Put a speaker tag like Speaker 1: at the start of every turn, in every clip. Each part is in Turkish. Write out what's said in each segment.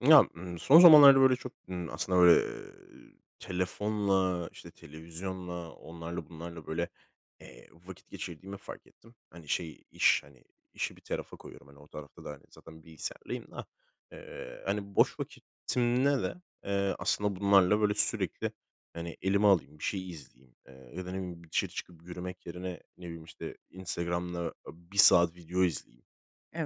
Speaker 1: Ya, ııı, son zamanlarda böyle çok, ıım, aslında böyle, eee, telefonla, işte, televizyonla, onlarla bunlarla böyle, eee, vakit geçirdiğimi fark ettim. Hani, şey, iş, hani, işi bir tarafa koyuyorum. Hani, o tarafta da, hani, zaten bilgisayardayım da. Eee, hani, boş vaktimde de, eee, aslında bunlarla böyle sürekli, hani, elime alayım, bir şey izleyeyim, eee, ya da ne bileyim, bir dışarı çıkıp yürümek yerine, ne bileyim, işte, Instagram'da 1 saat video izleyeyim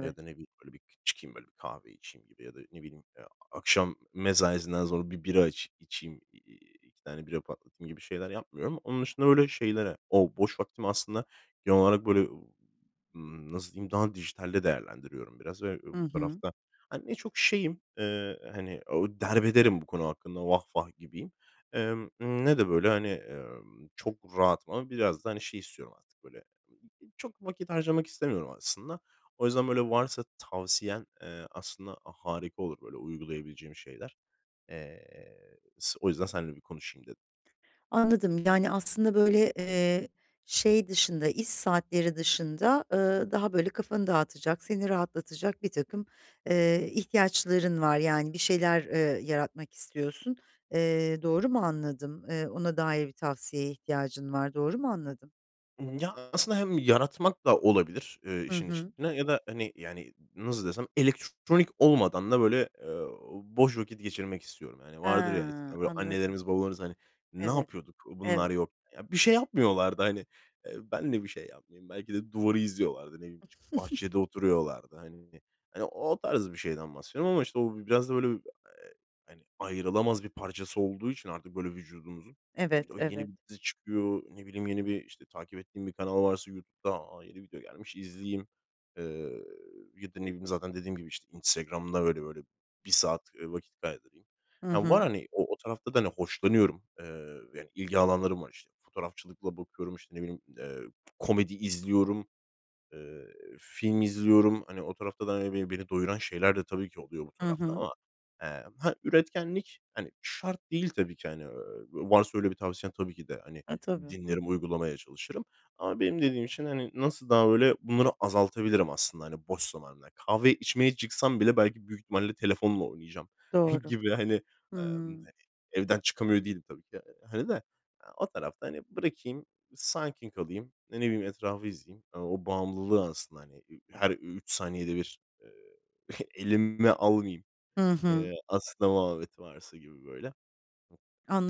Speaker 1: ya da ne bileyim, böyle bir çıkayım, böyle kahve içeyim gibi ya da ne bileyim, akşam mesaisinden sonra 1 bira içi içeyim, eee, 2 tane bira patlatayım gibi şeyler yapmıyorum. Onun dışında öyle şeylere o boş vaktim aslında genel olarak böyle, ımm, nasıl diyeyim, daha dijitalde değerlendiriyorum biraz ve
Speaker 2: Hı
Speaker 1: bu
Speaker 2: hı.
Speaker 1: tarafta, hani, ne çok şeyim, eee, hani, ooo, derbederim bu konu hakkında, vah vah, gibiyim, eee, ımm, ne de böyle, hani, ımm, çok rahatım ama biraz da, hani, şey istiyorum artık böyle. [unintelligible] Çok vakit harcamak istemiyorum aslında. O yüzden böyle varsa tavsiyen, eee, aslında harika olur böyle uygulayabileceğim şeyler. Eee, s o yüzden seninle bir konuşayım dedim.
Speaker 2: Anladım, yani, aslında böyle, eee, şey dışında, iş saatleri dışında, ııı, daha böyle kafanı dağıtacak, seni rahatlatacak birtakım, eee, ihtiyaçların var. Yani, bir şeyler, eee, yaratmak istiyorsun. Eee, doğru mu anladım? Eee, ona dair bir tavsiyeye ihtiyacın var. Doğru mu anladım?
Speaker 1: Imm, ya, aslında hem yaratmak da olabilir, eee,
Speaker 2: Hı
Speaker 1: işin
Speaker 2: hı.
Speaker 1: içinde ya da, hani, yani, nasıl desem, elektronik olmadan da böyle, eee, boş vakit geçirmek istiyorum. Hani, vardır ya,
Speaker 2: Ha,
Speaker 1: eskiden böyle
Speaker 2: anladım.
Speaker 1: annelerimiz babalarımız, hani, ne
Speaker 2: Evet,
Speaker 1: yapıyorduk bunlar
Speaker 2: evet.
Speaker 1: yok. Ya, bir şey yapmıyorlardı, hani, eee, ben de bir şey yapmayayım. Belki de duvarı izliyorlardı, ne bileyim, çıkıp bahçede oturuyorlardı. Hani, hani, o tarz bir şeyden bahsediyorum ama, işte, o biraz da böyle, eee, hani, ayrılamaz bir parçası olduğu için artık böyle vücudumuzun, işte,
Speaker 2: Evet,
Speaker 1: o yeni
Speaker 2: evet.
Speaker 1: bir dizi çıkıyor, ne bileyim, yeni bir, işte, takip ettiğim bir kanal varsa YouTube'da, a, yeni video gelmiş, izleyeyim. Eee, ya da ne bileyim, zaten dediğim gibi, işte, Instagram'da böyle böyle 1 saat, eee, vakit kaydırayım.
Speaker 2: Hı
Speaker 1: Eee, var,
Speaker 2: hı.
Speaker 1: hani, o o tarafta da hoşlanıyorum, eee, yani, ilgi alanlarım var, işte. Fotoğrafçılıkla bakıyorum, işte, ne bileyim, eee, komedi izliyorum, eee, film izliyorum. Hani, o tarafta da, hani, be beni doyuran şeyler de tabii ki oluyor bu
Speaker 2: Hı
Speaker 1: tarafta
Speaker 2: hı.
Speaker 1: ama, eee, he, üretkenlik, hani, şart değil tabii ki, hani. Eee, varsa öyle bir tavsiyen tabii ki de, hani,
Speaker 2: E, tabii, hı
Speaker 1: dinlerim,
Speaker 2: hı.
Speaker 1: uygulamaya çalışırım ama benim dediğim için, hani, nasıl daha öyle bunları azaltabilirim aslında, hani, boş zamanımda kahve içmeye çıksam bile belki büyük ihtimalle telefonla oynayacağım
Speaker 2: Doğru.
Speaker 1: gibi, hani,
Speaker 2: Hıı.
Speaker 1: emm, hani, evden çıkamıyor değilim tabii ki. Hani de o tarafta, hani, bırakayım, sakin kalayım, ya, ne bileyim, etrafı izleyeyim, hani, o bağımlılığı aslında, hani, i her 3 saniyede bir, eee, elime almayayım,
Speaker 2: Hı hı.
Speaker 1: eee, aslında muhabbeti varsa gibi böyle.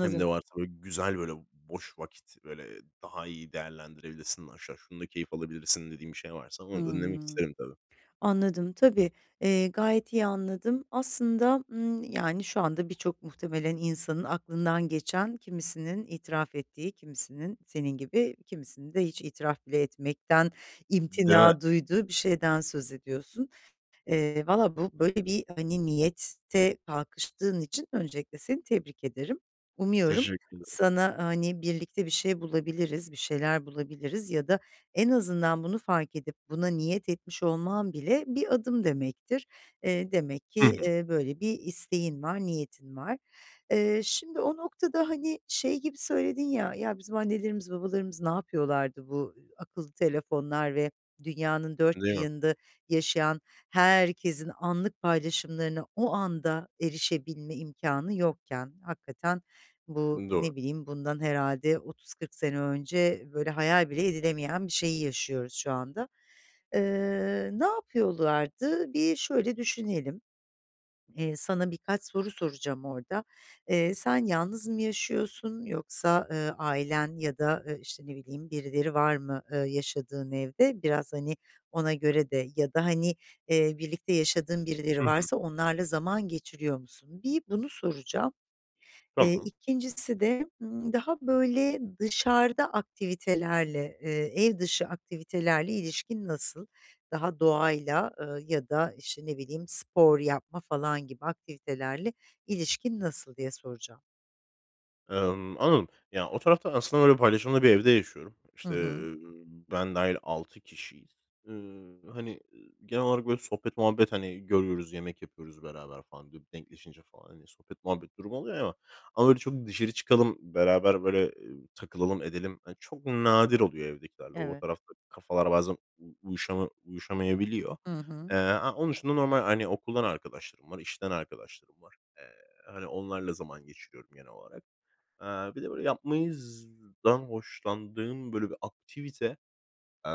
Speaker 1: Hem de varsa bö güzel böyle boş vakit, böyle daha iyi değerlendirebilirsin aşağı, şunu da keyif alabilirsin dediğin bir şey varsa onu dinlemek
Speaker 2: Hımm,
Speaker 1: isterim tabii.
Speaker 2: anladım, tabii, eee, gayet iyi anladım. Aslında, ımm, yani, şu anda birçok muhtemelen insanın aklından geçen, kimisinin itiraf ettiği, kimisinin senin gibi, kimisinin de hiç itiraf bile etmekten
Speaker 1: Değil mi?
Speaker 2: imtina duyduğu bir şeyden söz ediyorsun. Eee, vallahi bu böyle bir, hani, niyete kalkıştığın için öncelikle seni tebrik ederim. Umuyorum,
Speaker 1: Teşekkür ederim.
Speaker 2: sana, hani, birlikte bir şey bulabiliriz, bir şeyler bulabiliriz ya da en azından bunu fark edip buna niyet etmiş olman bile bir adım demektir. Eee, demek ki,
Speaker 1: Hı hı.
Speaker 2: eee, böyle bir isteğin var, niyetin var. Eee, şimdi o noktada, hani, şey gibi söyledin ya, “Ya, bizim annelerimiz babalarımız ne yapıyorlardı bu akıllı telefonlar ve dünyanın dört bir
Speaker 1: Değil mi?
Speaker 2: yanında yaşayan herkesin anlık paylaşımlarına o anda erişebilme imkânı yokken?” Hakikaten bu,
Speaker 1: Doğru.
Speaker 2: ne bileyim, bundan herhâlde 30-40 sene önce böyle hayal bile edilemeyen bir şeyi yaşıyoruz şu anda. Eee, ne yapıyorlardı? Bir şöyle düşünelim. Eee, sana birkaç soru soracağım orada. Eee, sen yalnız mı yaşıyorsun yoksa, eee, ailen ya da, ııı, işte, ne bileyim, birileri var mı, eee, yaşadığın evde? Biraz, hani, ona göre de ya da, hani, eee, birlikte yaşadığın
Speaker 1: Hı
Speaker 2: birileri
Speaker 1: hı.
Speaker 2: varsa onlarla zaman geçiriyor musun? Bir bunu soracağım. Eee,
Speaker 1: Tamam.
Speaker 2: 2'ncisi de, ımm, daha böyle dışarıda aktivitelerle, eee, ev dışı aktivitelerle ilişkin nasıl? Daha doğayla, ııı, ya da, işte, ne bileyim, spor yapma falan gibi aktivitelerle ilişkin nasıl, diye soracağım.
Speaker 1: Emm, anladım. Yani, o tarafta aslında böyle paylaşımlı bir evde yaşıyorum.
Speaker 2: Hı
Speaker 1: İşte,
Speaker 2: hı.
Speaker 1: ııı, ben dâhil 6 kişiyiz. Iıı, hani, ııı, genel olarak böyle sohbet muhabbet, hani, görüyoruz, yemek yapıyoruz beraber falan dü denkleşince falan, hani, sohbet muhabbet durumu oluyor ama ama böyle çok dışarı çıkalım, beraber böyle, ııı, takılalım edelim hani, çok nadir oluyor evdekilerle. O o
Speaker 2: Evet.
Speaker 1: tarafta kafalar bazen u uyuşama uyuşamayabiliyor.
Speaker 2: Hı hı.
Speaker 1: Eee, a onun dışında normal, hani, okuldan arkadaşlarım var, işten arkadaşlarım var. Eee, hani, onlarla zaman geçiriyorum genel olarak. Eee, bir de böyle yapmayızdan hoşlandığım böyle bir aktivite, eee,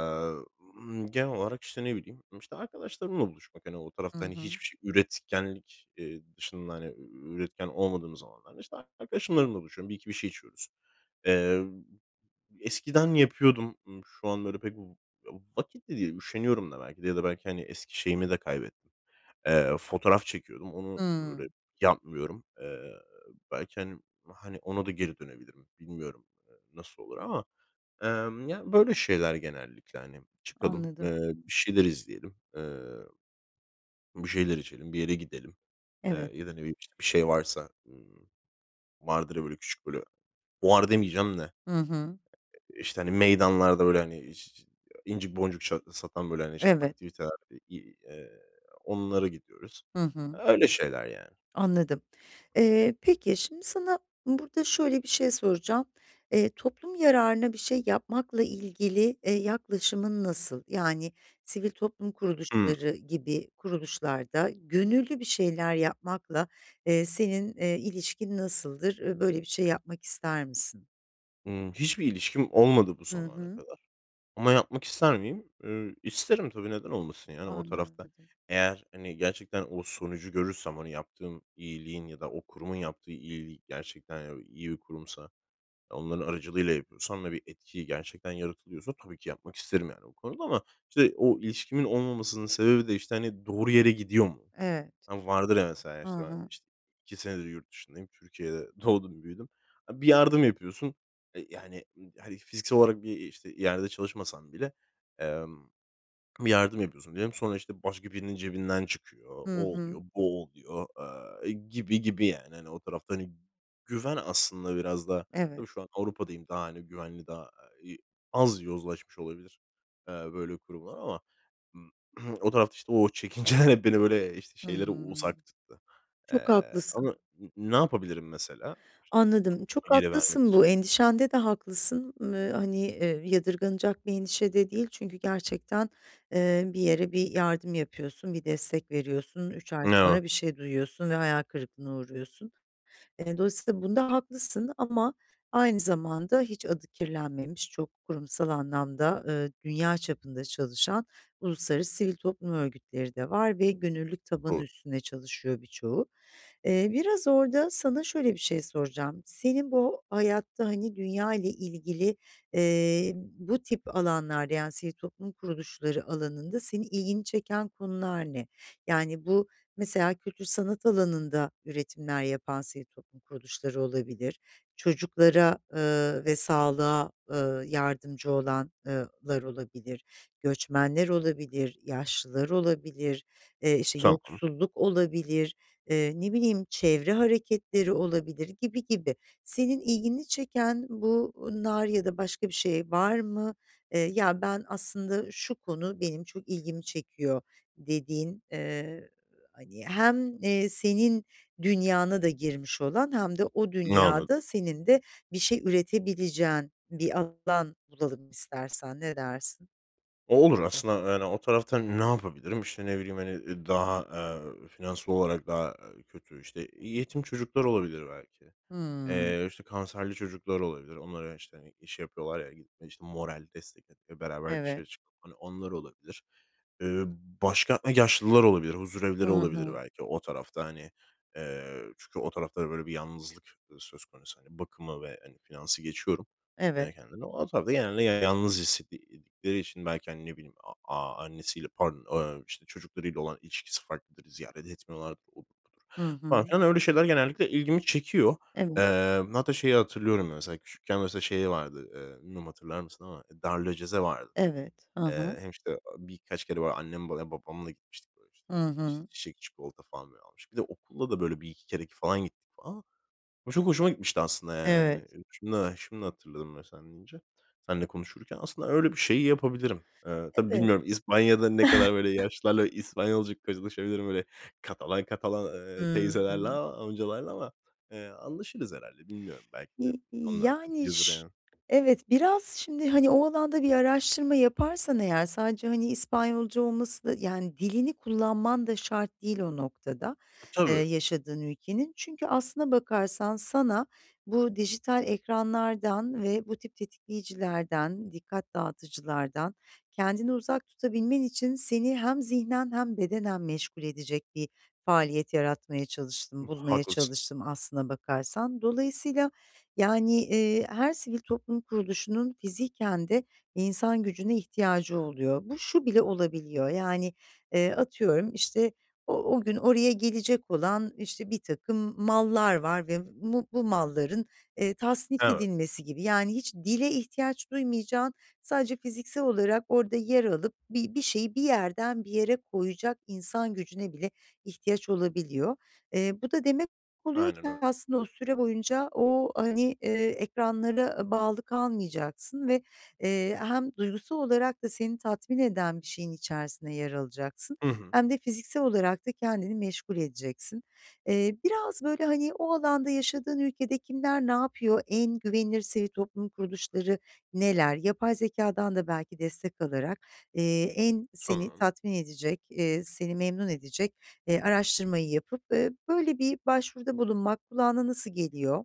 Speaker 1: ımm, genel olarak işte, ne bileyim, işte, arkadaşlarımla buluşmak, hani, o
Speaker 2: Hı
Speaker 1: tarafta, hani,
Speaker 2: hı.
Speaker 1: hiçbir şey üretkenlik, ııı, dışında, hani, üretken olmadığımız zamanlarda işte arkadaşlarımla buluşuyorum, 1-2 bir şey içiyoruz. Eee, eskiden yapıyordum, ııı, şu an böyle pek v ı vakit de değil üşeniyorum da belki de ya da belki, hani, eski şeyimi de kaybettim. Eee, fotoğraf çekiyordum, onu böyle
Speaker 2: Hımm.
Speaker 1: yapmıyorum. Eee, belki, hani hani, ona da geri dönebilirim bilmiyorum, eee, nasıl olur ama, emm, ya, böyle şeyler genellikle, hani, çıkalım,
Speaker 2: Anladım.
Speaker 1: ııı, bir şeyler izleyelim, ııı bir şeyler içelim, bir yere gidelim, eee,
Speaker 2: Evet.
Speaker 1: ya da, ne bileyim, işte, bir şey varsa, ımm, vardır ya böyle küçük böyle fuar demeyeceğim de e
Speaker 2: Hı hı.
Speaker 1: e işte, hani, meydanlarda böyle, hani, iş incik boncuk çat satan böyle, hani, işte
Speaker 2: Evet.
Speaker 1: aktiviteler, ı i eee, onlara gidiyoruz.
Speaker 2: Hı hı.
Speaker 1: Öyle şeyler yani.
Speaker 2: Anladım, eee, peki, şimdi sana burada şöyle bir şey soracağım. Eee, toplum yararına bir şey yapmakla ilgili, eee, yaklaşımın nasıl? Yani sivil toplum
Speaker 1: Hımm.
Speaker 2: kuruluşları gibi kuruluşlarda gönüllü bir şeyler yapmakla, eee, senin, eee, ilişkin nasıldır, ııı, böyle bir şey yapmak ister misin?
Speaker 1: Hımm. Hiçbir ilişkim olmadı bu
Speaker 2: Hı
Speaker 1: zamana
Speaker 2: hı.
Speaker 1: kadar ama yapmak ister miyim? Iıı, isterim tabi. Neden olmasın yani o tarafta.
Speaker 2: Anladım.
Speaker 1: Eğer hani gerçekten o sonucu görürsem, hani, yaptığım iyiliğin ya da o kurumun yaptığı iyiliğin gerçekten iyi bir kurumsa, onların aracılığıyla yapıyorsam ve bir etki gerçekten yaratılıyorsa tabii ki yapmak isterim yani o konuda. Ama işte o ilişkimin olmamasının sebebi de, işte, hani, doğru yere gidiyor mu?
Speaker 2: Evet.
Speaker 1: Hani vardır ya mesela,
Speaker 2: Hı
Speaker 1: işte, ben,
Speaker 2: hı.
Speaker 1: işte, 2 senedir yurt dışındayım. Türkiye'de, doğdum büyüdüm. Bir yardım yapıyorsun, e, yani, ııı, hani fiziksel olarak bir işte yerde çalışmasan bile, emm, bir yardım yapıyorsun diyelim. Sonra, işte, başka birinin cebinden çıkıyor,
Speaker 2: Hı
Speaker 1: o oluyor,
Speaker 2: hı.
Speaker 1: bu oluyor, aaa, gibi gibi yani. Hani, o tarafta hani, güven aslında biraz da.
Speaker 2: Evet.
Speaker 1: Tabii şu an, Avrupa'dayım daha hani güvenli daha i az yozlaşmış olabilir, eee, böyle kurumlar ama, ımm, o tarafta, işte, o çekinceler beni böyle, işte,
Speaker 2: Hı
Speaker 1: şeylere
Speaker 2: hı.
Speaker 1: uzak tuttu.
Speaker 2: Çok
Speaker 1: Eee,
Speaker 2: haklısın.
Speaker 1: ama n ne yapabilirim mesela? İşte,
Speaker 2: Anladım,
Speaker 1: [unintelligible]
Speaker 2: çok
Speaker 1: bir yere vermek
Speaker 2: haklısın
Speaker 1: için?
Speaker 2: bu endişende de haklısın, ııı, hani, eee, yadırganacak bir endişe de değil, çünkü gerçekten, eee, bir yere bir yardım yapıyorsun, bir destek veriyorsun, 3 ay
Speaker 1: Ne o?
Speaker 2: sonra bir şey duyuyorsun ve hayal kırıklığına uğruyorsun. E, dolayısıyla bunda haklısın ama aynı zamanda, hiç adı kirlenmemiş, çok kurumsal anlamda, ııı, dünya çapında çalışan uluslararası sivil toplum örgütleri de var ve gönüllülük tabanı
Speaker 1: Do
Speaker 2: üstünde çalışıyor birçoğu. Eee, biraz orada, sana şöyle bir şey soracağım: Senin bu hayatta, hani, dünya ile ilgili, eee, bu tip alanlarda, yani sivil toplum kuruluşları alanında, senin ilgini çeken konular ne? Yani bu, mesela kültür sanat alanında üretimler yapan sivil toplum kuruluşları olabilir, çocuklara, ııı, ve sağlığa, ııı, yardımcı olan ııı, lar olabilir, göçmenler olabilir, yaşlılar olabilir, eee, işte,
Speaker 1: Tamam.
Speaker 2: yoksulluk olabilir, eee, ne bileyim çevre hareketleri olabilir gibi gibi. Senin ilgini çeken bunlar ya da başka bir şey var mı? Eee, ya, ben aslında şu konu benim çok ilgimi çekiyor dediğin, eee, hani, hem, eee, senin dünyana da girmiş olan hem de o
Speaker 1: N anladım.
Speaker 2: dünyada senin de bir şey üretebileceğin bir alan bulalım istersen, ne dersin?
Speaker 1: O olur aslında, yani, o tarafta ne yapabilirim? İşte, ne bileyim, hani, ııı, daha, eee, finansal olarak daha, eee, kötü, işte, yetim çocuklar olabilir belki.
Speaker 2: Hımm.
Speaker 1: Eee, işte, kanserli çocuklar olabilir. Onlara, işte, hani, iş yapıyorlar ya, gittiğimde, işte, moral, destek [unintelligible] beraber dışarı
Speaker 2: Evet.
Speaker 1: çıkıp, hani, onlar olabilir. Eee, başka, e, yaşlılar olabilir,
Speaker 2: I
Speaker 1: huzurevleri olabilir
Speaker 2: hı.
Speaker 1: belki o tarafta, hani, eee, çünkü o tarafta da böyle bir yalnızlık, ııı, söz konusu, hani. Bakımı ve, hani, finansı geçiyorum.
Speaker 2: Evet.
Speaker 1: [unintelligible] ama tabii, genelde yalnız hissetti eee, ettikleri için belki, hani, ne bileyim, a a annesiyle pardon, ımm, işte, çocuklarıyla olan ilişkisi farklıdır, ziyaret etmiyorlardır, odur, budur.
Speaker 2: Hı
Speaker 1: Falan
Speaker 2: hı.
Speaker 1: filan, öyle şeyler genellikle ilgimi çekiyor.
Speaker 2: Evet.
Speaker 1: Eee, hatta şeyi hatırlıyorum, mesela küçükken mesela şey vardı, eee, bilmiyorum hatırlar mısın ama darülaceze vardı.
Speaker 2: Evet, hı
Speaker 1: Eee,
Speaker 2: hı.
Speaker 1: hem, işte, aaa, birkaç kere, böyle, annem veya babamla gitmiştik böyle işte,
Speaker 2: Hı
Speaker 1: iii, işte,
Speaker 2: hı.
Speaker 1: çiçek, çikolata falan, böyle, almıştık. Bir de okulla da, böyle, 1-2 kere k falan gittik falan. O çok hoşuma gitmişti aslında, yani, hani.
Speaker 2: Evet.
Speaker 1: Şimdi ha şimdi hatırladım bö sen deyince, seninle konuşurken. Aslında öyle bir şeyi yapabilirim. Eee, tabii
Speaker 2: Evet.
Speaker 1: bilmiyorum, İspanya'da ne kadar, böyle, yaşlılarla İspanyolca konuşabilirim böyle Katalan Katalan, eee, teyzelerle,
Speaker 2: Hımm.
Speaker 1: aaa, amcalarla ama, eee, anlaşırız herhâlde bilmiyorum, belki de
Speaker 2: İ y
Speaker 1: onlar da
Speaker 2: yani,
Speaker 1: biliyordur,
Speaker 2: ş
Speaker 1: yani.
Speaker 2: Evet, biraz şimdi, hani, o alanda bir araştırma yaparsan eğer sadece, hani, İspanyolca olmasına yani dilini kullanman da şart değil o noktada, eee,
Speaker 1: Tabii.
Speaker 2: yaşadığın ülkenin. Çünkü aslına bakarsan sana bu dijital ekranlardan ve bu tip tetikleyicilerden, dikkat dağıtıcılardan kendini uzak tutabilmen için, seni hem zihnen hem bedenen meşgul edecek bir faaliyet yaratmaya
Speaker 1: U
Speaker 2: çalıştım, bulmaya
Speaker 1: haklısın.
Speaker 2: çalıştım aslına bakarsan. Dolayısıyla, yani, eee, her sivil toplum kuruluşunun fiziken de insan gücüne ihtiyacı oluyor. Bu şu bile olabiliyor yani, eee, atıyorum, işte, o o gün oraya gelecek olan, işte, birtakım mallar var ve b bu bu malların, eee, tasnif
Speaker 1: Evet.
Speaker 2: edilmesi gibi. Yani hiç dile ihtiyaç duymayacağın, sadece fiziksel olarak orada yer alıp bi bir şeyi bir yerden bir yere koyacak insan gücüne bile ihtiyaç olabiliyor. Eee, bu da demek oluyor
Speaker 1: Aynen
Speaker 2: ki
Speaker 1: öyle.
Speaker 2: aslında o süre boyunca o, hani, eee, ekranlara bağlı kalmayacaksın ve, eee, hem duygusal olarak da seni tatmin eden bir şeyin içerisinde yer alacaksın
Speaker 1: Hı hı.
Speaker 2: hem de fiziksel olarak da kendini meşgul edeceksin. Eee, biraz, böyle, hani, o alanda yaşadığın ülkede kimler ne yapıyor? En güvenilir sivil toplum kuruluşları neler? Yapay zekâdan da belki destek alarak, eee, en seni
Speaker 1: Tamam.
Speaker 2: tatmin edecek, eee, seni memnun edecek, eee, araştırmayı yapıp, eee, böyle bir başvuruda bulunmak kulağına nasıl geliyor?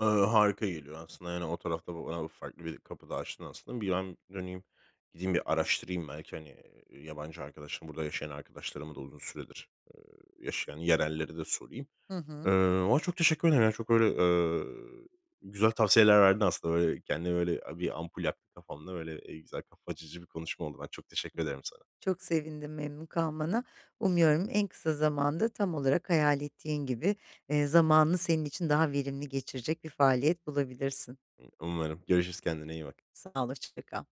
Speaker 1: Iıı, harika geliyor aslında, yani, o tarafta bayağı farklı bir kapı da açtın aslında. Bir ben, hani, gideyim bir araştırayım belki, hani, eee, yabancı arkadaşım, burada yaşayan arkadaşlarımı da uzun süredir, eee, yaşayan yerellere de sorayım,
Speaker 2: Hı
Speaker 1: eee,
Speaker 2: hı.
Speaker 1: ama çok teşekkür ederim. Yani, çok böyle, eee, güzel tavsiyeler verdin aslında böyle kendimde, böyle, eee, bir ampul yaktı kafamda. Böyle, eee, güzel kafa açıcı bir konuşma oldu. Ben çok teşekkür ederim sana.
Speaker 2: Çok sevindim memnun kalmana. Umuyorum en kısa zamanda tam olarak hayal ettiğin gibi, eee, zamanını senin için daha verimli geçirecek bir faaliyet bulabilirsin.
Speaker 1: Imm, umarım. Görüşürüz, kendine iyi bak.
Speaker 2: Sağol, hoşçakal.